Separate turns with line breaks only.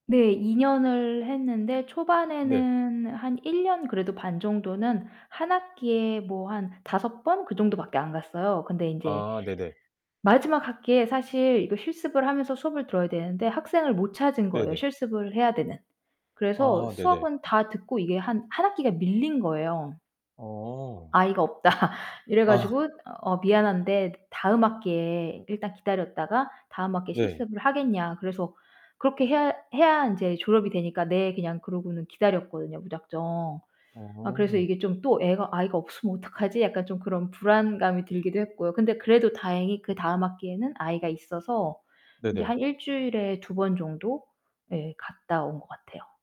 네, 2 년을 했는데
네.
초반에는 한 1 년 그래도 반 정도는 1 학기에 뭐 한 5 번 그 정도밖에 안 갔어요. 근데 인제
아, 네네.
마지막 학기에 사실 이거 실습을 하면서 수업을 들어야 되는데 학생을 못 찾은 거예요,
네네.
실습을 해야 되는. 그래서
아, 네네.
수업은 다 듣고 이게 한 1 학기가 밀린 거예요.
어.
"아이가 없다." 이래
아.
가지고 "어 미안한데 다음 학기에 일단 기다렸다가 다음 학기에
네.
실습을 하겠냐." 그래서 그렇게 해야 해야 인제 졸업이 되니까 "네." 그냥 그러고는 기다렸거든요, 무작정. 아 그래서
어.
이게 좀 또 애가 아이가 없으면 어떡하지 약간 좀 그런 불안감이 들기도 했고요. 근데 그래도 다행히 그다음 학기에는 아이가 있어서 인제
네네.
한 1 주일에 2 번 정도? 예, 갔다 온 것 같아요.